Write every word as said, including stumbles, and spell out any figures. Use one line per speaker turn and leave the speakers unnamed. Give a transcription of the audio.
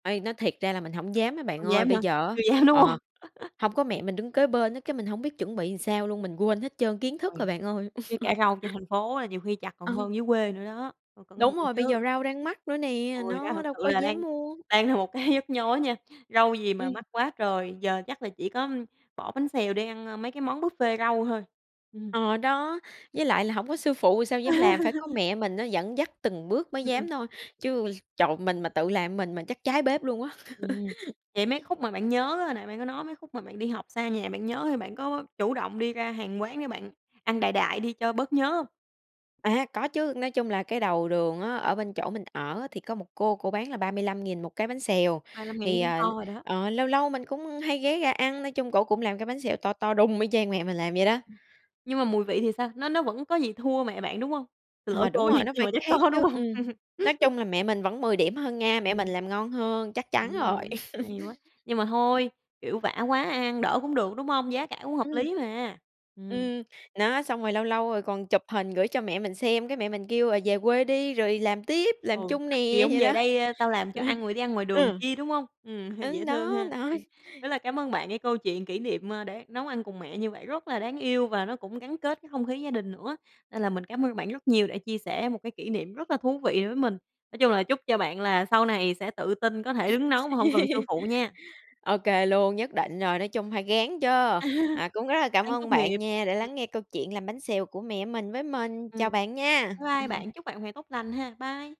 Uây, nói thiệt ra là mình hổng dám á bạn
Không
ơi,
dám
bây
hả?
giờ á,
Chưa dám, đúng hông?
ờ, hông có mẹ mình đứng kế bên á, cái mình hông biết chuẩn bị sao luôn, mình quên hết trơn kiến thức rồi
Rồi,
bạn ơi.
với cả rau trên thành phố là nhiều khi chặt còn
Ờ.
hơn dưới quê nữa đó, phải cẩn
Đúng
thận
rồi, bây
chứ.
giờ rau đang mắc nữa nè,
Ôi, rau
nó
thật
đâu
sự
có
là đang
dám mua.
đang là một cái nhức nhối nha, rau gì mà
Ừm.
mắc quá trời, giờ chắc là chỉ có, ừm, bỏ bánh xèo đi ăn, ơ, mấy cái món buffet rau thôi. Ừm.
Ờ, đó. Với lại là hổng có sư phụ rồi sao dám làm, phải có mẹ mình á dẫn dắt từng bước mới
Ừm, ừm.
dám thôi, chứ trời, mình mà tự làm mình một mình là chắc cháy bếp luôn á.
Ừm. Vậy mấy khúc mà bạn nhớ á, nãy bạn có nói mấy khúc mà bạn đi học xa nhà bạn nhớ, thì bạn có chủ động đi ra hàng quán để bạn ăn đại đại đi cho bớt nhớ hông?
À, có chứ, nói chung là cái đầu đường á, ở bên chỗ mình ở á, thì có một cô, cổ bán là ba mươi lăm nghìn một cái bánh xèo.
ba lươm ngàn chắc
Thì,
cũng to
ờ,
rồi đó.
ờ, lâu lâu mình cũng hay ghé ra ăn, nói chung cổ cũng làm cái bánh xèo to to đùng y chang mẹ mình làm vậy đó.
Nhưng mà mùi vị thì sao? Nó nó vẫn có gì thua mẹ bạn đúng hông, xin lỗi
Ờ, đúng
cô nha
rồi, nó
nhưng
phải
mà chắc
khác
có,
chứ,
đúng
ừm.
hông?
Nói chung là mẹ mình vẫn mười điểm hơn nha, mẹ mình
Ừm.
làm ngon hơn, chắc
Ừm!
chắn rồi.
Hay quá, nhưng mà thôi, kiểu, vã quá ăn ăn đỡ cũng được, đúng hông? Giá cả cũng hợp
Ừm.
lý mà. Ừm.
Ừm, đó, xong rồi lâu lâu rồi còn chụp hình gửi cho mẹ mình xem, cái mẹ mình kêu là về quê đi rồi làm tiếp, làm
Ừ,
chung
mắc gì
nè,
hổng
vậy
về
đó.
đây tao làm
Ừ.
cho ăn rồi đi ăn ngoài đường
Ừ.
chi, đúng hông? Ừm, dễ
Ư,
thương
đó,
ha.
đó.
Ừm, rất là cám ơn bạn cái câu chuyện kỷ niệm, ơ, đã nấu ăn cùng mẹ như vậy rất là đáng yêu và nó cũng gắn kết cái không khí gia đình nữa, nên là mình cảm ơn bạn rất nhiều đã chia sẻ một cái kỷ niệm rất là thú vị với mình. Nói chung là chúc cho bạn là sau này sẽ tự tin có thể đứng nấu mà hông cần sư phụ nha.
Ô kê luôn, nhất định rồi, nói chung phải ráng chớ.
À.
À, cũng rất là cảm
Ráng
ơn
tốt nghiệp.
bạn nha đã
Ừm.
lắng nghe câu chuyện làm bánh xèo của mẹ mình với mình. Chào
Ừm.
bạn nha.
Bye bye
Ừm.
bạn, chúc bạn một ngày tốt lành ha. Bye.